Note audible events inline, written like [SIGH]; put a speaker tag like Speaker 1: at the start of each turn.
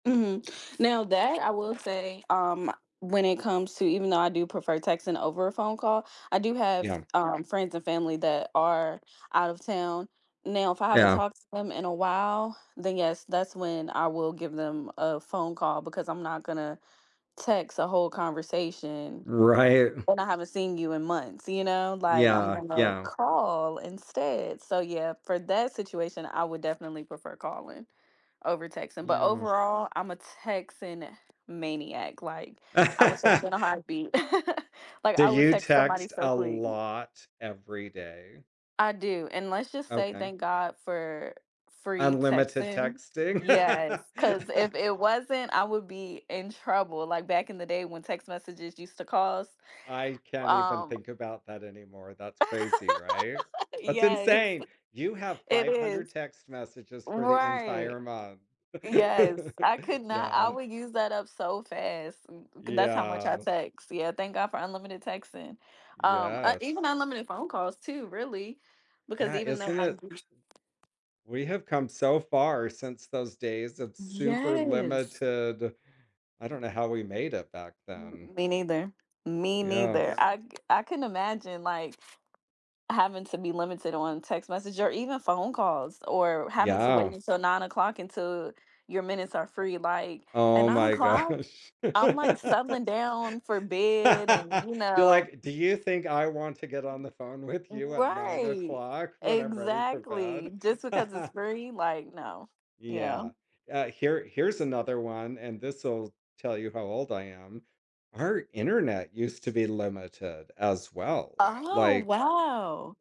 Speaker 1: Mhm, now that I will say, um, when it comes to even though I do prefer texting over a phone call, I do have,
Speaker 2: Yeah.
Speaker 1: um, friends and family that are out of town now if I haven't
Speaker 2: Yeah.
Speaker 1: talked to them in a while, then, yes, that's when I will give them a phone call because I'm not gonna text a whole conversation
Speaker 2: Right.
Speaker 1: when I haven't seen you in months, you know, like, I'm
Speaker 2: Yeah,
Speaker 1: gonna
Speaker 2: yeah.
Speaker 1: call instead, so, yeah, for that situation I would definitely prefer calling over texting, but
Speaker 2: Yeah.
Speaker 1: overall, I'm a texting maniac, like, I will text you
Speaker 2: [LAUGHS]
Speaker 1: in a heartbeat, [LAUGHS] like,
Speaker 2: Do
Speaker 1: I would
Speaker 2: you
Speaker 1: text somebody
Speaker 2: text
Speaker 1: so
Speaker 2: a
Speaker 1: quick.
Speaker 2: lot every day?
Speaker 1: I do, and let's just say
Speaker 2: Okay.
Speaker 1: thank God for free
Speaker 2: Unlimited
Speaker 1: texting,
Speaker 2: texting.
Speaker 1: yes, ‘cause
Speaker 2: [LAUGHS]
Speaker 1: if it wasn't, I would be in trouble, like back in the day when text messages used to cost,
Speaker 2: I can't even
Speaker 1: um
Speaker 2: think about that anymore, that's crazy, right?
Speaker 1: [LAUGHS]
Speaker 2: That's
Speaker 1: Yes,
Speaker 2: insane! You have
Speaker 1: it
Speaker 2: five
Speaker 1: is.
Speaker 2: hundred text messages for the
Speaker 1: Right.
Speaker 2: entire month.
Speaker 1: Yes,
Speaker 2: [LAUGHS]
Speaker 1: I could not I
Speaker 2: Yeah.
Speaker 1: would use that up so fast, 'cause that's how much I
Speaker 2: Yeah.
Speaker 1: text. Yeah, thank God for unlimited texting, um, uh, even
Speaker 2: Yes.
Speaker 1: unlimited phone calls too, really, because
Speaker 2: Yeah,
Speaker 1: even though
Speaker 2: isn't
Speaker 1: I
Speaker 2: it?
Speaker 1: used
Speaker 2: We have come so far since those days of super
Speaker 1: Yes!
Speaker 2: limited I don't know how we made it back
Speaker 1: M
Speaker 2: then.
Speaker 1: me neither. Me
Speaker 2: Yeah.
Speaker 1: neither, I I couldn't imagine, like, having to be limited on text message or even phone calls or having to wait
Speaker 2: Yeah.
Speaker 1: until 9 o'clock until your minutes are
Speaker 2: Uh
Speaker 1: free, like, at
Speaker 2: Oh
Speaker 1: 9
Speaker 2: my
Speaker 1: o'clock,
Speaker 2: gosh.
Speaker 1: I'm like, settling down for bed and,
Speaker 2: [LAUGHS]
Speaker 1: you
Speaker 2: You're
Speaker 1: know
Speaker 2: like, "Do you think I want to get on the phone with you at 9
Speaker 1: Right!
Speaker 2: o'clock when I'm ready for
Speaker 1: Exactly.
Speaker 2: bed?"
Speaker 1: Just because it's
Speaker 2: [LAUGHS]
Speaker 1: free, like, no, yeah.
Speaker 2: Yeah, uh, here here's another one, and this’ll tell you how old I am. Our internet used to be limited as well,
Speaker 1: Oh,
Speaker 2: like
Speaker 1: wow!